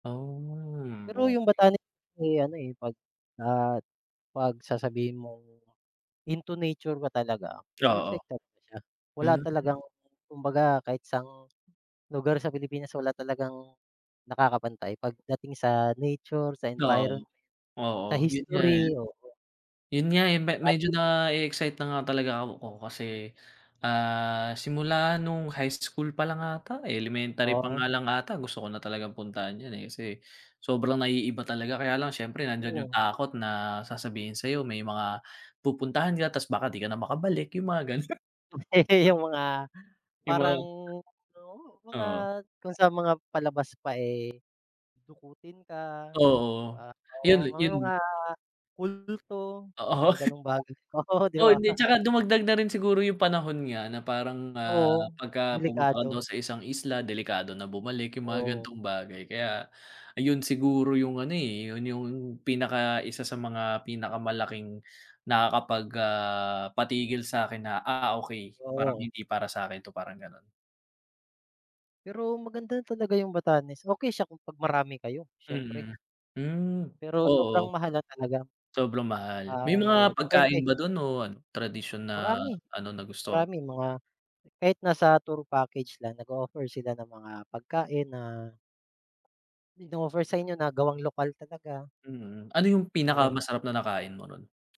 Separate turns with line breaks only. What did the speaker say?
Um,
Pero 'yong
okay.
Batanes, may ano, eh, pag, ah, pag sasabihin mong, into nature ka talaga,
Oo.
perfect talaga siya. Wala
Hmm.
talagang, kumbaga kahit saang lugar sa Pilipinas, wala talagang nakakapantay, pagdating sa nature, sa
Oo.
environment, sa
Oo, 'yon nga, eh.
history, oo.
'Yon nga, eh, me medyo
Babi.
na-e-excite na nga talaga ako kasi, ah, simula no'ng high school pa lang ata, eh, elementary pa
Oo.
nga lang ata, gusto ko na talagang puntahan 'yon, eh, kasi, sobrang naiiba talaga. Kaya lang siyempre nandiyan 'yong
Oh.
takot na, sasabihin sa'yo may mga, pupuntahan ka 'tas baka 'di ka na makabalik, 'yong mga gano'
Tobe 'yong mga,
'Yong
parang,
mga
oo, 'yong mga,
Oo.
kung sa mga palabas pa, eh, dukutin ka 'di
Oo.
ba.
'Yon
Oo,
li
may
'yon
mga kulto,
Oo.
mga gano'ng bagay. Oo, 'di
Oo,
ba?
hindi, 'tsaka dumagdag na rin siguro 'yong panahon nga na parang, ah,
Oo.
pagka pumunta ka
Delikado.
daw sa isang isla, delikado na bumalik, 'yong mga
Oo.
ganitong bagay. Kaya, ayun siguro 'yong ano, eh, 'yon 'yong pinaka-isa sa mga pinakamalaking nakakapag, ah, patigil sa'kin na, "Ah, okay. Parang,
Oo.
hindi para sa'kin 'to," parang gano'n.
Pero maganda talaga 'yong Batanes. Okay siya, kung pag marami kayo, siyempre.
Mm, hmm.
Pero sobrang
Oo.
mahal lang talaga.
Sobrang mahal.
Ah,
May
oo,
mga
depende.
pagkain ba do'n o ano, tradisyon na
Marami.
ano, nagustuhan mo?
Marami, mga, kahit nasa tour package lang, nag-o-offer sila ng mga pagkain na ino-offer sa inyo na gawang lokal talaga.
Mm. Ano 'yong
Mga gan'
pinakamasarap na nakain mo ro'n?